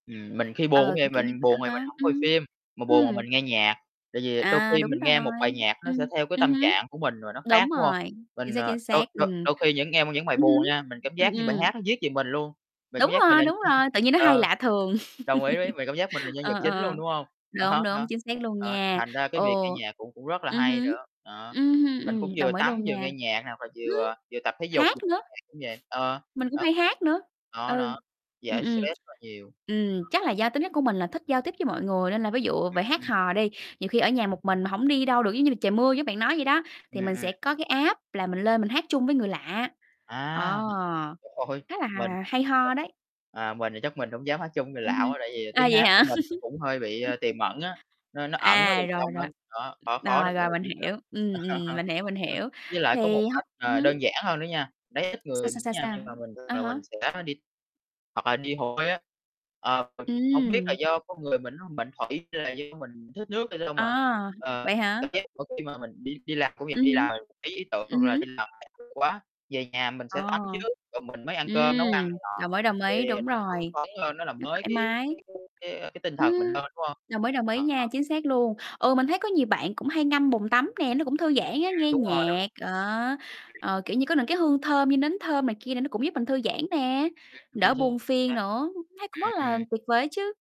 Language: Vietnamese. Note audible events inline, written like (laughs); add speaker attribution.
Speaker 1: Ừm, mình khi buồn cũng
Speaker 2: Ờ,
Speaker 1: vậy,
Speaker 2: cũng kiểu như
Speaker 1: mình
Speaker 2: vậy
Speaker 1: buồn thì
Speaker 2: á
Speaker 1: mình
Speaker 2: hả?
Speaker 1: hổng
Speaker 2: Ừm
Speaker 1: coi
Speaker 2: hứm.
Speaker 1: phim, mà buồn
Speaker 2: Ừm.
Speaker 1: mình nghe nhạc. Tại vì đôi
Speaker 2: À,
Speaker 1: khi
Speaker 2: đúng
Speaker 1: mình nghe một
Speaker 2: rồi.
Speaker 1: bài nhạc nó
Speaker 2: Ừm,
Speaker 1: sẽ theo cái
Speaker 2: ừm
Speaker 1: tâm
Speaker 2: hứm.
Speaker 1: trạng của mình và nó
Speaker 2: Đúng
Speaker 1: khác, đúng không?
Speaker 2: rồi, chính
Speaker 1: Mình,
Speaker 2: xác,
Speaker 1: ờ
Speaker 2: chính
Speaker 1: đôi
Speaker 2: xác.
Speaker 1: đôi
Speaker 2: Ừm.
Speaker 1: đôi khi những nghe những bài
Speaker 2: Ừm hứm,
Speaker 1: buồn nha, mình cảm
Speaker 2: ừm,
Speaker 1: giác như bài
Speaker 2: ừm.
Speaker 1: hát nó viết về mình luôn, mình cảm
Speaker 2: Đúng
Speaker 1: giác mình
Speaker 2: rồi,
Speaker 1: là,
Speaker 2: đúng rồi,
Speaker 1: (chuckles)
Speaker 2: tự nhiên nó hay
Speaker 1: ờ,
Speaker 2: lạ thường.
Speaker 1: đồng ý ví vì cảm giác mình là
Speaker 2: (laughs)
Speaker 1: nhân
Speaker 2: Ờ,
Speaker 1: vật
Speaker 2: ờ,
Speaker 1: chính luôn,
Speaker 2: ờ.
Speaker 1: đúng hông?
Speaker 2: Đúng,
Speaker 1: Đó,
Speaker 2: đúng,
Speaker 1: đó,
Speaker 2: chính xác luôn
Speaker 1: đó,
Speaker 2: nha.
Speaker 1: thành ra cái việc nghe
Speaker 2: Ồ,
Speaker 1: nhạc cũng cũng rất là
Speaker 2: ừm
Speaker 1: hay
Speaker 2: hứm.
Speaker 1: nữa, đó.
Speaker 2: Ừm hưm,
Speaker 1: Mình cũng
Speaker 2: ừm,
Speaker 1: vừa
Speaker 2: đồng ý
Speaker 1: tắm
Speaker 2: luôn
Speaker 1: vừa
Speaker 2: nha.
Speaker 1: nghe nhạc hoặc là
Speaker 2: Ừm,
Speaker 1: vừa vừa tập thể dục
Speaker 2: hát
Speaker 1: (unintelligible)
Speaker 2: nữa.
Speaker 1: cũng vậy. Ờ,
Speaker 2: Mình cũng
Speaker 1: đó,
Speaker 2: hay
Speaker 1: mình
Speaker 2: hát nữa.
Speaker 1: đó,
Speaker 2: Ừ.
Speaker 1: đó,
Speaker 2: Ừm,
Speaker 1: giải
Speaker 2: ừm.
Speaker 1: stress rất nhiều.
Speaker 2: Ừm, chắc là
Speaker 1: (unintelligible)
Speaker 2: do tính chất của mình là thích giao tiếp với mọi người nên là ví dụ về hát
Speaker 1: (unintelligible)
Speaker 2: hò đi, nhiều khi ở nhà một mình mà hổng đi đâu được, giống như là trời mưa giống bạn nói vậy đó,
Speaker 1: Ừm,
Speaker 2: thì mình
Speaker 1: ừm.
Speaker 2: sẽ có cái app là mình lên mình hát chung với người lạ,
Speaker 1: À,
Speaker 2: đó.
Speaker 1: (unintelligible) thôi,
Speaker 2: Khá là
Speaker 1: mình,
Speaker 2: hà hay
Speaker 1: mình
Speaker 2: ho đấy.
Speaker 1: à, mình thì chắc mình hổng dám hát chung người
Speaker 2: Ừm
Speaker 1: lạ
Speaker 2: hưm,
Speaker 1: quá tại vì
Speaker 2: à,
Speaker 1: tiếng
Speaker 2: vậy
Speaker 1: hát của
Speaker 2: hả?
Speaker 1: mình nó cũng hơi bị, ơ,
Speaker 2: (laughs)
Speaker 1: tiềm ẩn á, nó nó ẩn ở
Speaker 2: À,
Speaker 1: bên
Speaker 2: rồi,
Speaker 1: trong
Speaker 2: rồi.
Speaker 1: lắm, đó, khó khó để
Speaker 2: Rồi,
Speaker 1: mà mọi
Speaker 2: rồi,
Speaker 1: người
Speaker 2: mình
Speaker 1: biết lắm.
Speaker 2: hiểu. Ừm, ừm,
Speaker 1: (laughs)
Speaker 2: mình hiểu, mình hiểu.
Speaker 1: Với lại có
Speaker 2: Thì
Speaker 1: một
Speaker 2: hông
Speaker 1: cách,
Speaker 2: ừm
Speaker 1: ờ, đơn
Speaker 2: hứm.
Speaker 1: giản hơn nữa nha, đấy ít
Speaker 2: Sao?
Speaker 1: người
Speaker 2: Sao? Sao?
Speaker 1: nha
Speaker 2: Sao?
Speaker 1: nhưng mà mình
Speaker 2: À
Speaker 1: là mình
Speaker 2: há.
Speaker 1: sẽ đi hoặc là đi hồ bơi á. Ờ, mình cũng hổng biết là
Speaker 2: Ừm.
Speaker 1: do con người mình nó mệnh thủy hay là do mình thích nước, nói chung là,
Speaker 2: À,
Speaker 1: ờ,
Speaker 2: vậy hả?
Speaker 1: cảm giác mỗi khi mà mình đi đi làm công việc
Speaker 2: Ừm
Speaker 1: đi
Speaker 2: hứm,
Speaker 1: làm bí ý tưởng
Speaker 2: ừm
Speaker 1: hoặc là
Speaker 2: hứm.
Speaker 1: đi làm (unintelligible) quá, về nhà mình
Speaker 2: À.
Speaker 1: sẽ tắm trước rồi mình mới ăn cơm, nấu ăn
Speaker 2: Ừm.
Speaker 1: này nọ
Speaker 2: Đồng ý, đồng ý,
Speaker 1: thì
Speaker 2: đúng
Speaker 1: nó hưng
Speaker 2: rồi.
Speaker 1: phấn lên, nó làm
Speaker 2: Nó
Speaker 1: mới
Speaker 2: thoải
Speaker 1: cái
Speaker 2: mái.
Speaker 1: cái cái cái tinh thần mình
Speaker 2: Ừm,
Speaker 1: lên, đúng không?
Speaker 2: đồng ý, đồng ý nha,
Speaker 1: (unintelligible)
Speaker 2: chính xác luôn. Ừ, mình thấy có nhiều bạn cũng hay ngâm bồn tắm nè, nó cũng thư giãn á,
Speaker 1: A,
Speaker 2: nghe
Speaker 1: đúng rồi.
Speaker 2: nhạc, ờ,
Speaker 1: (unintelligible)
Speaker 2: ờ, kiểu như có những cái hương thơm như nến thơm này kia nè nó cũng giúp mình thư giãn nè, đỡ buồn
Speaker 1: (unintelligible)
Speaker 2: phiền nữa, thấy cũng rất
Speaker 1: Ừm,
Speaker 2: là
Speaker 1: ừm.
Speaker 2: tuyệt vời á chứ.